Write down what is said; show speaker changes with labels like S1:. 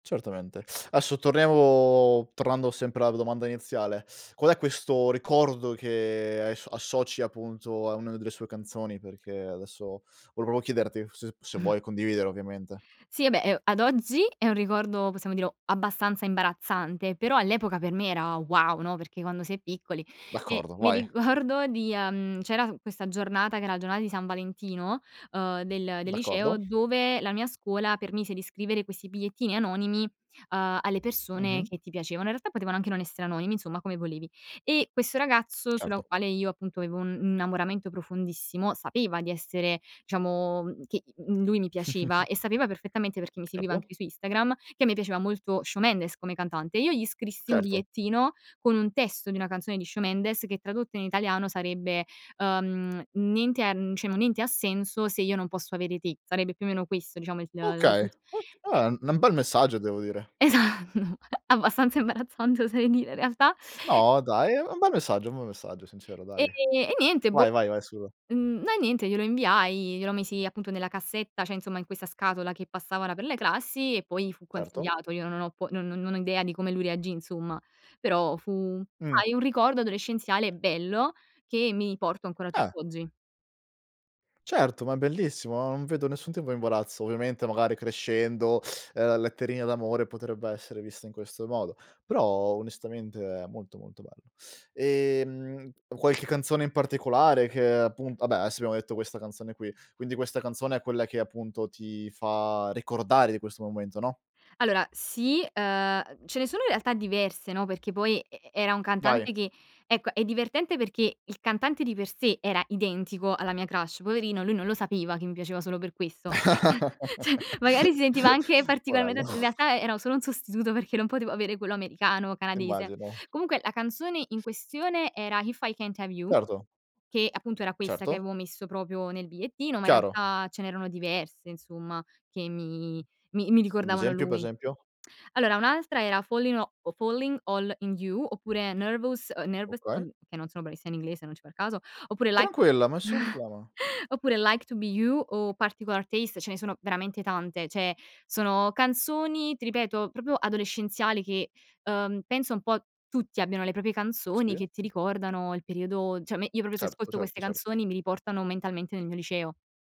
S1: Certamente, adesso torniamo tornando sempre alla domanda iniziale, qual è questo ricordo che hai ass associ, a punto, a una delle sue canzoni? Perché adesso volevo chiederti f se se vuoi condividere, ovviamente.
S2: Sì, vabbè, ehm, ad oggi è un ricordo, possiamo dirlo, abbastanza imbarazzante, però all'epoca per me era wow, no? Perché, quando si è piccoli e
S1: D'accordo,
S2: mi
S1: vai.
S2: ricordo di, uhm, c'era s questa giornata, che era giornata di San Valentino, uhm, del del liceo,
S1: D'accordo.
S2: dove la mia scuola permise di scrivere questi bigliettini anonimi, uhm, alle persone
S1: Mh-mh.
S2: che ti piacevano. In realtà, potevano anche non esse anonimi, insomma, come volevi. E questo ragazzo, sulla
S1: Certo.
S2: quale io, appunto, avevo un un innamoramento profondissimo, sapeva di essere, diciamo che, mhmm, lui mi piaceva e sapeva perfettamente, perché mi seguiva
S1: Certo.
S2: anche su Instagram, che a me piaceva molto sciò Mendes, come cantante, e io gli scrissi un
S1: Certo.
S2: bigliettino, con un testo di una canzone di sciò Mendes che tradotto in italiano sarebbe, uhm, niente ha n cioè, no niente ha senso, se io non posso avere te, sarebbe più o meno questo diciamo il la
S1: Okay, ok
S2: e
S1: eh, n bel messaggio, devo dire.
S2: Esat abbastanza imbarazzante, oserei dire, in realtà.
S1: No dai, è è un bel messaggio un bel messaggio, sincero
S2: E
S1: dai.
S2: e niente, boh,
S1: Vai, vai, vai, su, va
S2: n no, niente glielo inviai, glielo misi, appunto, nella cassetta, cioè, insomma, in questa scatola, che passava là per le classi e poi fu
S1: Certo.
S2: consigliato. Io non ho po non non ho idea di come lui reagì, insomma, però fu,
S1: Mh.
S2: sai un ricordo adolescenziale bello, che mi porto ancora
S1: Eh.
S2: tutt'oggi.
S1: Certo, ma è bellissimo, non vedo nessun tipo imbarazzo. Ovviamente, magari crescendo, uhm, la letterina d'amore potrebbe essere vista in questo modo, però, onestamente, è molto, molto bello. E, mhmm, qualche canzone in particolare che, appun vabbè, adesso abbiamo detto questa canzone qui. Quindi, questa canzone è quella che, appunto, ti fa ricordare di questo momento, no?
S2: Allora, sì, uhm, uhm, ce ne sono in realtà diverse, no, perché poi e era un cantante
S1: Dai.
S2: che ecco, è divertente, perché il cantante di per sé era identico alla mia crush, poverino, lui non lo sapeva che mi piaceva solo per questo. Cioè, magari si sentiva anche
S1: Poverello.
S2: particolarmente in realtà, era solo un sostituto, perché non potevo avere quello americano o canadese.
S1: Immagino.
S2: Comunque, la canzone in questione era: "If I Can't Have You"
S1: Certo.
S2: che appunto, era questa che
S1: Certo.
S2: avevo messo proprio nel bigliettino, ma, in
S1: Chiaro.
S2: realtà, ce n'erano diverse, insomma, che mi mi mi
S1: Un
S2: ricordavano
S1: esempio, pe
S2: lui.
S1: esempio?
S2: Allora, un'altra era: Fallin' o o "Falling All In You", oppure "Nervous", ehm, "Nervous",
S1: Okay.
S2: ehm, che non sono bravissima in inglese, non ci far caso, oppure Like
S1: Tranquilla, nessun problema.
S2: oppure "Like To Be You" o "Particular Taste". Ce ne sono veramente tante, cioè, sono canzoni, ti ripeto, proprio adolescenziali, che, uhm, penso un po' tutti abbiano le proprie canzoni,
S1: Sì.
S2: che ti ricordano il periodo, cioè a me io proprio se
S1: Certo,
S2: ascolto
S1: certo,
S2: queste
S1: certo.
S2: canzoni, mi riportano mentalmente nel mio liceo.